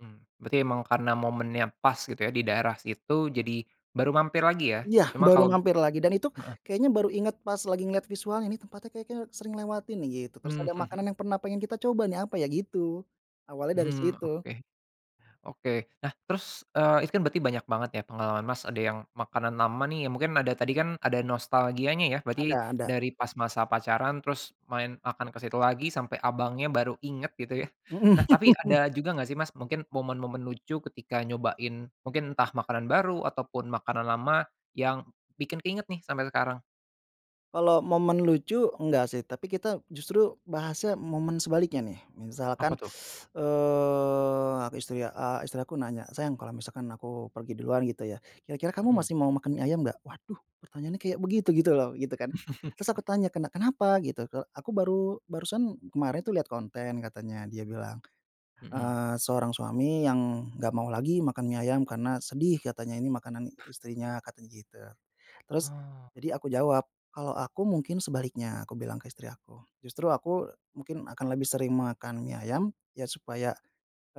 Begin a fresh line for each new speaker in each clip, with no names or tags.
Mhm, berarti memang karena momennya pas gitu ya, di daerah situ, jadi baru mampir lagi ya?
Iya
Cuma
baru
kalo
mampir lagi, dan itu
heeh.
kayaknya baru inget pas lagi ngelihat visualnya, ini tempatnya kek kayaknya sering lewatin nih gitu, terus
Mhm
ada makanan
mhm.
yang pernah pengen kita coba nih, apa ya, gitu. Awalnya dari
Hmm,
situ.
oke. Oke. Nah, terus, eee, itu kan berarti banyak banget ya pengalaman, Mas, ada yang makanan lama nih, ya mungkin ada tadi kan ada nostalgianya ya berarti
Ada ada.
dari pas masa pacaran terus main makan ke situ lagi, sampai abangnya baru inget gitu ya. Nah,
Mhm.
tapi ada juga nggak sih, Mas, mungkin momen-momen lucu ketika nyobain, mungkin entah makanan baru ataupun makanan lama yang bikin keinget nih sampai sekarang?
Kalau momen lucu enggak sih, tapi kita justru bahasnya momen sebaliknya nih,
Apa
misalkan,
tuh?
eee, ah ke istri ya, eee, istri aku nanya, "sayang kalau misalkan aku pergi duluan gitu ya, kira-kira kamu
Mhm.
masih mau makan mie ayam gak?" Waduh pertanyaannya kayak begitu-gitu loh, gitu kan. Terus aku tanya, "kena kenapa gitu?" Kalo aku baru barusan kemarin tuh lihat konten katanya dia bilang,
Mhm.
eee, seorang suami yang gak mau lagi makan mie ayam karena sedih katanya, ini makanan istrinya, katanya gitu. Terus
Oh.
jadi aku jawab, kalau aku mungkin sebaliknya, aku bilang ke istri aku, justru aku mungkin akan lebih sering makan mie ayam ya, supaya,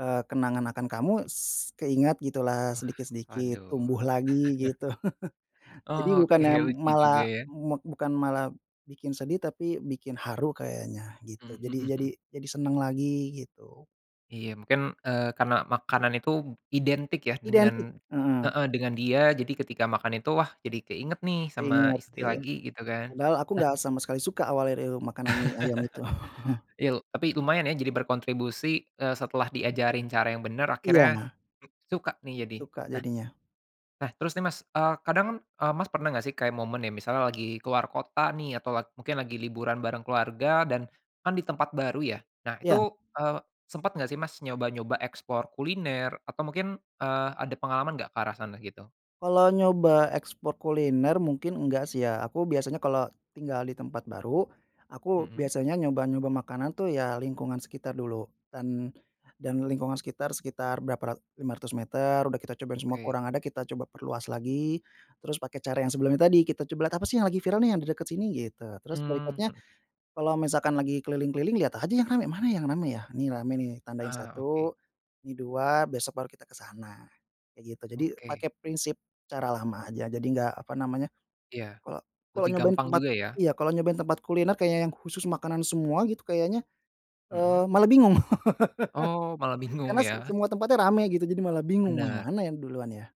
eee, kenangan akan kamu s keingat gitulah,
Wah,
sedikit-sedikit
aduh.
tumbuh lagi, gitu. Jadi
Oke,
bukannya
lucu juga
malah
ya.
me bukan malah bikin sedih tapi bikin haru kayaknya, gitu.
Mhm
Jadi jadi
mhm.
jadi seneng lagi, gitu.
Iya mungkin, eee, karena makanan itu identik ya dengan
Identik, heeh.
heeh, dengan dia, jadi ketika makan itu wah jadi keinget nih sama
Keinget,
istri
iya.
lagi gitu kan.
Padahal aku
Nah
nggak sama sekali suka awalnya iu makanan mie ayam itu.
Iya tapi lumayan ya jadi berkontribusi, eee, setelah diajarin cara yang benar akhirnya
iya.
suka nih jadi.
Suka
Nah
jadinya.
nah terus nih, Mas, eee, kadang kan, eee, Mas, pernah gak sih kayak momen nih misalnya lagi keluar kota nih atau mungkin lagi liburan bareng keluarga dan kan di tempat baru ya. Nah itu,
Iya.
eee, sempat gak sih mas nyoba-nyoba explore kuliner atau mungkin, eee, ada pengalaman gak ke arah sana, gitu?
Kalau nyoba ekspor kuliner mungkin enggak sih ya, aku biasanya kalau tinggal di tempat baru, aku
Mhm.
biasanya nyoba-nyoba makanan tuh ya lingkungan sekitar dulu dan dan lingkungan sekitar berapa ra 500 meter udah kita cobain semua
Oke.
kurang ada, kita coba perluas lagi, terus pakai cara yang sebelumnya tadi, kita coba lihat apa sih yang lagi viral nih yang di dekat sini, gitu. Terus
Mmm,
berikutnya
mhm.
kalau misalkan lagi keliling-keliling lihat aja yang rame, mana yang rame ya? Nih rame nih tandain
Ah, oke.
1 ini 2 besok baru kita ke sana, kayak gitu. Jadi
Oke.
pakai prinsip cara lama aja, jadi enggak, apa namanya
Iya.
kalo kalo
Lebih
nyobain
gampang
tempat
juga ya?
iya kalau nyobain tempat kuliner kayak yang khusus makanan semua gitu, kayaknya,
Mhm.
eee, malah bingung.
Oh, malah bingung
Karena s
ya?
semua tempatnya rame gitu, jadi malah bingung mau yang
Bener.
mana yang duluan ya?